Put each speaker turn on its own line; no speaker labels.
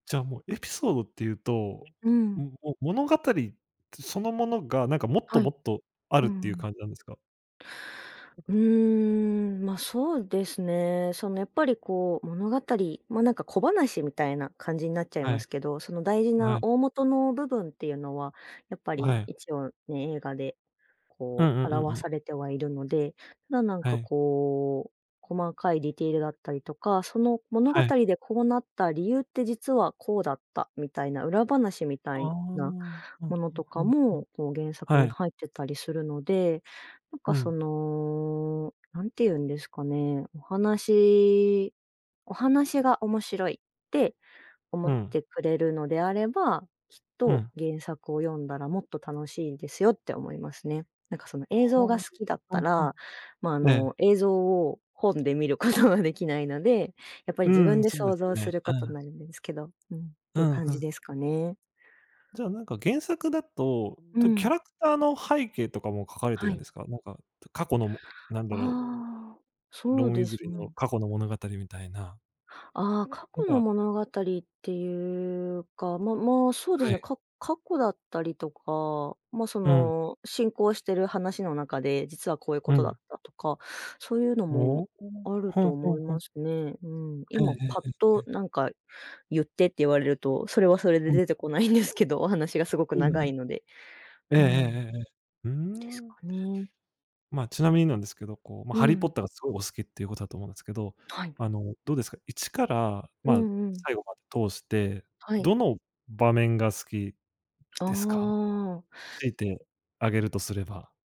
じゃあ、もうエピソードっていうと、
うん。
も物語、そのものがなんかもっ
は
とも
い。
っとあ
う
るって
ん
い
う
う
ん。
感じなんですか？
うーん、ま、そうですね。その、やっぱりこう、物語ま、なんか小話みたいな感じになっちゃい
は
ま
い。
すけど、その大事な
はい。
大元の部分っていうのは、やっぱり、
はい。
一応ね、映画で、
うん
こ
う
う
んうんう
表
ん。
されてはいるので。ただなん
は
か
い。
こう、細かいディテールだったりとか、その物語
はい。
でこうなった理由って実はこうだった、みたいな裏話みた
ああ。
いな
はあは
ものと
あ
か
はあは
も、こう原
あ。
作
は
に
い。
入ってたりするので。なんか
う
そ
ん。
の、何て言うんですかね、お話お話が面白いって、思
う
っ
ん。
てくれるのであれば、きっ
う
と
ん。
原作を読んだらもっと楽しいですよって思いますね。なんか、その映像が
は
好きだっ
あ、
た
はあは
ら、まあ、あ
あ、ええ。
の映像を、本で見ることができないので、やっぱり
う
自
ん、
分で
そうで
想
す
像す
ね。
る
は
ことに
あ。
なるんですけど、うん、っ
う
ていう
ん、
感
ふ
じ
ん。
ですかね。
じゃあ、なんか原作だと、
う
とキャ
ん。
ラクターの背景とかも書かれて
は
るん
い。
ですか？なんか過去の、なんだろう、
ああ。そ
ロ
う
ン・ウィ
で
ズ
す
リーの
ね。
過去の物語みたいな。
ああ、過
なん
去の
か。
物語っていうか、まま、そうです
は
ね、
い。
か過去だったりとか、ま、そ
うん。
の、進行している話の中で、実はこういうこ
う
とだっ
ん。
たとか、そういうのも、
おお、
ある
ふ
と
んふ
思
ん
い
ふ
ま
ん。
すね、うん。
ええ
今
ええ
パッ
えええ
と
え。
なんか、言ってって言われると、それはそれで
うん。
出てこないんですけど、お話がすごく
うんう
長
ん。
いので。
えええ
うん、
えええええ。うー
です
ん。
かね。
ま、ちなみになんですけど、こうま、
う
ハリーポッ
ん。
ターがすごいお好きっていうことだと思うんですけど、
はい。
あのどうですか？一から、
う
ま、
んうん。
最後まで通して、
はい。
どの場面が好き
あ
ですか？
あ。
強いて、あげるとすれば。